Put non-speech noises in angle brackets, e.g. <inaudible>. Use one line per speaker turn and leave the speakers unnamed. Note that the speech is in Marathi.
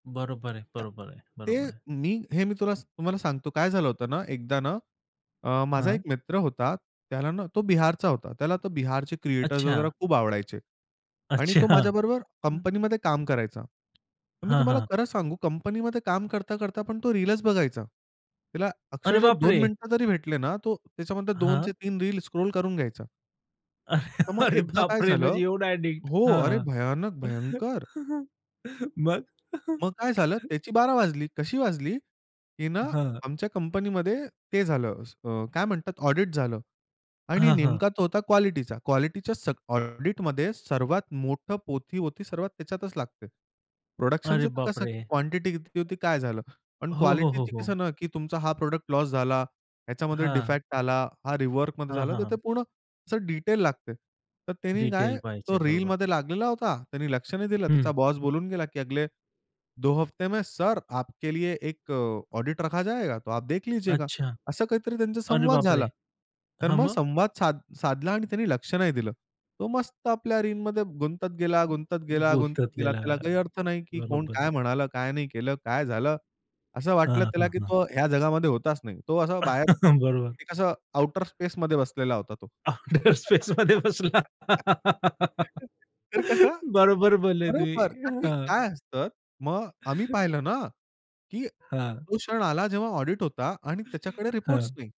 बरोबर आहे.
त्या
बरोबर आहे.
ते
बरोबर आहे.
मी हे मी तुला तुम्हाला सांगतो काय झालं होतं ना? एकदा ना, अ, माझा
हां.
एक मित्र होता त्याला ना तो बिहारचा होता. त्याला तो बिहारचे क्रिएटर्स वगैरे
अच्छा.
खूप आवडायचे आणि
अच्छा.
तो
हं.
माझ्याबरोबर कंपनीमध्ये काम करायचा. तर मी
हां,
तुम्हाला
हां.
खरं सांगू कंपनीमध्ये काम करता, करता पण तो रीलच बघायचा. त्याला
अरे
अक्षरशः
बाप
2
रे!
मिनिट जरी भेटले ना, तो त्याच्यामध्ये दोन
हां.
ते तीन रील स्क्रॉल करून घ्यायचा.
अरे!
तर मग
अरे
एकदा काय
बाप रे! म्हणजे
झालं
एवढं ॲडिक्ट.
हो, अरे!
हां.
भयानक, भयंकर.
<chuckles> मग? <chuckles>
मग काय झालं, त्याची बारा वाजली. कशी वाजली की ना,
हां.
आमच्या कंपनीमध्ये ते झालं, असं अ, काय म्हणतात ऑडिट झालं आणि
हां, हां.
नेमका तो होता क्वालिटीचा. क्वालिटीच्या सग ऑडिटमध्ये सर्वात मोठं पोथी होती, सर्वात त्याच्यातच लागते. प्रोडक्शन
अरे बाप
कसं
रे!
की क्वांटिटी किती होती काय झालं? पण
हो, हो, हो,
क्वालिटीचं
हो.
कसं ना, की तुमचा हा प्रॉडक्ट लॉस झाला, ह्याच्यामध्ये
हां.
डिफेक्ट आला, हा रिवर्कमध्ये
हां,
झालं.
हां,
तर ते
हां.
पूर्ण अस डिटेल लागते. तर त्यांनी काय
डिटेल पाहिजे.
तो
बरोबर.
रीलमध्ये लागलेला होता. त्याने लक्ष नाही दिलं. त्याचा
हं.
बॉस बोलून गेला, की "अगले, दो हफ्ते में सर आपके लिए एक ऑडिट रखा जाएगा. तो आप देख लीजियेगा."
अच्छा.
असा काहीतरी त्यांचा
अरे
संवाद
बाप
झाला.
रे!
तर
हां,
मग
मग?
संवाद साध साधला आणि त्यांनी लक्ष नाही दिलं. तो मस्त आपल्या रीलमध्ये गुंतत गेला,
गुंतत
गुंतत गेला, गुंतत गेला.
गेला.
त्याला काही अर्थ नाही की कोण
बरोबर.
काय म्हणालं, काय नाही केलं, काय झालं? असं
हां,
वाटलं त्याला
हां,
की
हां.
तो ह्या जगामध्ये होताच नाही. तो असा बाहेर
<chuckles> बरोबर.
एक असा आउटर स्पेसमध्ये बसलेला होता तो.
आउटर स्पेसमध्ये
<laughs>
बसला.
तर कसं
बरोबर बोलले तुम्ही.
बरोबर, का की
हां.
काय असतं, मग आम्ही
<chuckles>
पाहिलं ना, की
हां.
तो क्षण आला जेव्हा ऑडिट होता आणि त्याच्याकडे रिपोर्ट्स
हां.
नाही.